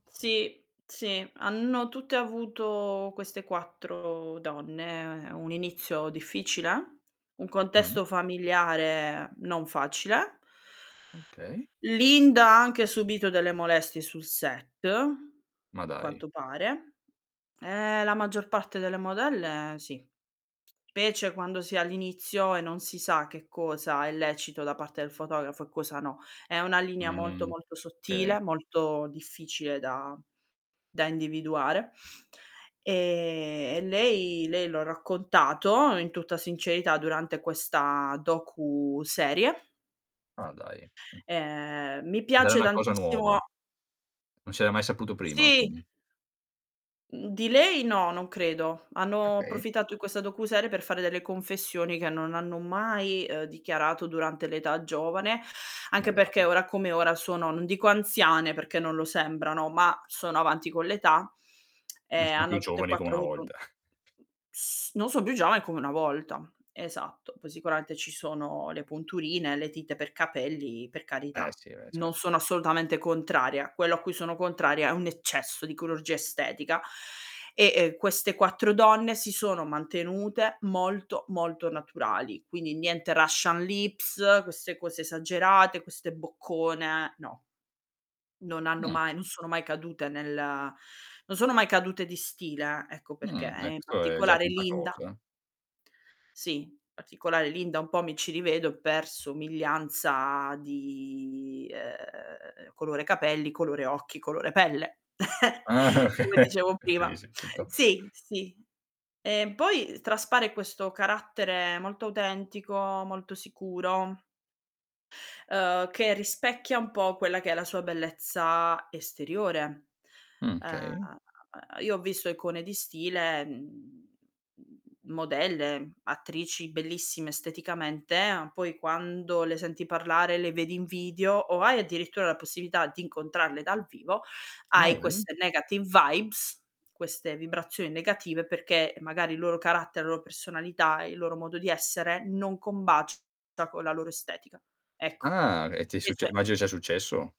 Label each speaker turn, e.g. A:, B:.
A: Sì, sì, hanno tutte avuto queste 4 donne un inizio difficile, un
B: Mh.
A: contesto familiare non facile.
B: Okay.
A: Linda, ha anche subito delle molestie sul set,
B: Ma
A: a
B: dai.
A: quanto pare. Eh, la maggior parte delle modelle sì, specie quando si è all'inizio e non si sa che cosa è lecito da parte del fotografo e cosa no. È una linea molto,
B: Mh,
A: molto
B: okay.
A: sottile, molto difficile da da individuare. Ehm, e lei lei l'ho raccontato in tutta sincerità durante questa docu-serie.
B: Ma dai,
A: Ehm, mi
B: Ed era
A: piace
B: una cosa nuova.
A: tantissimo
B: Non si era mai saputo prima,
A: Sì.
B: quindi.
A: Mhmm, di lei no, non credo. Hanno
B: Okay.
A: approfittato di questa docu-serie per fare delle confessioni che non hanno mai, ehm, dichiarato durante l'età giovane,
B: Ma
A: anche perché
B: dai.
A: ora come ora sono, non dico anziane, perché non lo sembrano, ma sono avanti con l'età,
B: Non
A: e
B: sono più
A: hanno tutte e
B: giovani come
A: 4,
B: una
A: avuto
B: volta.
A: S non so più giovani come una volta. Esatto, poi sicuramente ci sono le punturine, le tinte per capelli, per
B: Eh
A: carità.
B: sì eh,
A: Non
B: certo.
A: sono assolutamente contraria, quello a cui sono contraria è un eccesso di chirurgia estetica. E e queste 4 donne si sono mantenute molto, molto naturali, quindi niente russian lips, queste cose esagerate, queste boccone, no. Non hanno
B: Mh.
A: mai non sono mai cadute nel non sono mai cadute di stile, ecco perché,
B: Mhmm, beh
A: in
B: questo è già
A: particolare
B: tanta
A: Linda
B: cosa.
A: Sì, in particolare Linda un po' mi ci rivedo, per somiglianza di, ehm, colore capelli, colore occhi, colore pelle
B: Ah
A: come
B: okay,
A: dicevo prima.
B: preferisci i
A: Sì,
B: [unintelligible]
A: sì. E poi traspare questo carattere molto autentico, molto sicuro ehm, che rispecchia un po' quella che è la sua bellezza esteriore.
B: Mh,
A: Ehm,
B: okay.
A: io ho visto icone di stile, mhmm, m modelle, attrici bellissime, esteticamente, poi quando le senti parlare, le vedi in video, o hai addirittura la possibilità di incontrarle dal vivo,
B: Ah,
A: hai
B: okay.
A: queste negative vibes, queste vibrazioni negative, perché magari il loro carattere, la loro personalità, il loro modo di essere non combacia con la loro estetica, ecco,
B: Ah, e ti è succe
A: invece
B: immagino sia successo.